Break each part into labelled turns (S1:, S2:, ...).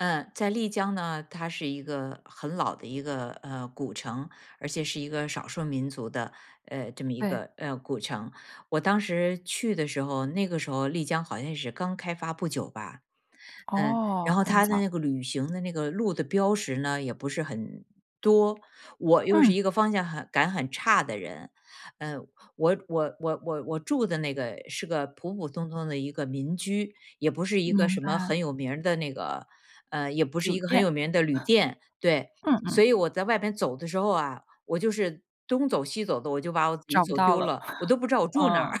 S1: 嗯，在丽江呢，它是一个很老的一个，呃，古城，而且是一个少数民族的，呃，这么一
S2: 对。
S1: 个，呃，古城，我当时去的时候，那个时候丽江好像是刚开发不久吧，嗯，
S2: 哦，
S1: 然后
S2: 很
S1: 他的
S2: 早。
S1: 那个旅行的那个路的标识呢，也不是很多。我又是一个方向很感很差的人。嗯，我我我我我住的那个是个普普通通的一个民居，也不是一个
S2: 明
S1: 什么
S2: 白。
S1: 很有名儿的那个，嗯，也不是
S2: 酒
S1: 一个很
S2: 店。
S1: 有名儿的旅店对。
S2: 嗯
S1: 所
S2: 嗯。
S1: 以我在外面走的时候啊，我就是东走西走的，我就把我自己
S2: 找不
S1: 走
S2: 到
S1: 丢
S2: 了，
S1: 了，我 都不知道我住哪儿。
S2: 嗯。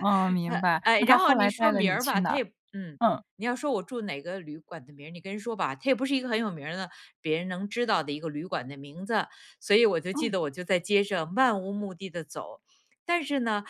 S2: 哦，明 白，
S1: 哎，
S2: 那
S1: 然
S2: 他
S1: 后
S2: 后
S1: 你
S2: 来
S1: 说
S2: 带了
S1: 名
S2: 你
S1: 儿
S2: 去
S1: 吧，
S2: 哪
S1: 它
S2: 儿？
S1: 也不嗯，
S2: 嗯。
S1: 你要说我住哪个旅馆的名儿，你跟人说吧，他也不是一个很有名儿的，别人能知道的一个旅馆的名字，所以我就记
S2: 嗯。
S1: 得我在街上漫无目的地走，但是呢，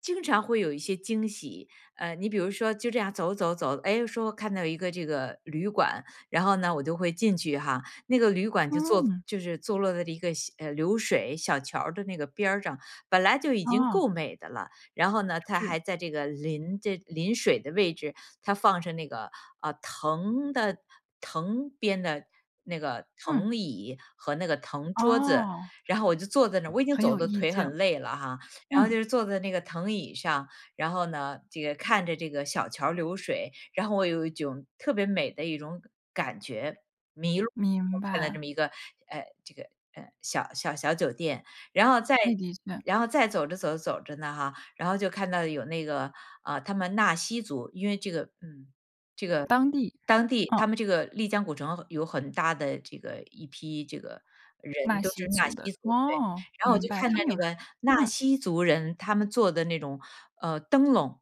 S1: 经常会有一些惊喜，呃，你比如说就这样走走走，诶，说看到一个这个旅馆，然后呢我就会进去哈，那个旅馆就坐
S2: 嗯。
S1: 就是坐落在一个小呃，流水小桥儿的那个边上，本来就已经
S2: 哦。
S1: 够美的了，然后呢，它
S2: 是。
S1: 还在这个临这临水的位置，它放着那个，呃，藤的藤编的那个
S2: 嗯。
S1: 藤椅和那个藤桌子，
S2: 哦。
S1: 然后我就坐在那儿，我已经
S2: 很
S1: 走
S2: 有
S1: 得
S2: 意
S1: 腿
S2: 境。
S1: 很累了哈，然后
S2: 嗯。
S1: 就坐在那个藤椅上，然后呢，这个，看着这个小桥儿流水，然后我有一种特别美的一种感觉。迷路，
S2: 明
S1: 看到这
S2: 白。
S1: 么一个，呃，这个，呃，小小小酒店。然后再
S2: 那的确。
S1: 然后再走着走着走着呢哈，然后就看到有那个，呃，他们纳西族，因为这个，嗯，这个
S2: 当地，
S1: 当地
S2: 嗯。
S1: 他们这个丽江古城有很大的这个一批这个人
S2: 纳
S1: 都
S2: 西
S1: 是纳
S2: 族
S1: 西
S2: 的，
S1: 族，对，
S2: 哦。
S1: 然后我
S2: 明
S1: 就
S2: 白。
S1: 看
S2: 他
S1: 到
S2: 们有
S1: 那
S2: 什
S1: 个纳
S2: 么嗯。
S1: 西族人，他们做的那种，呃，灯笼。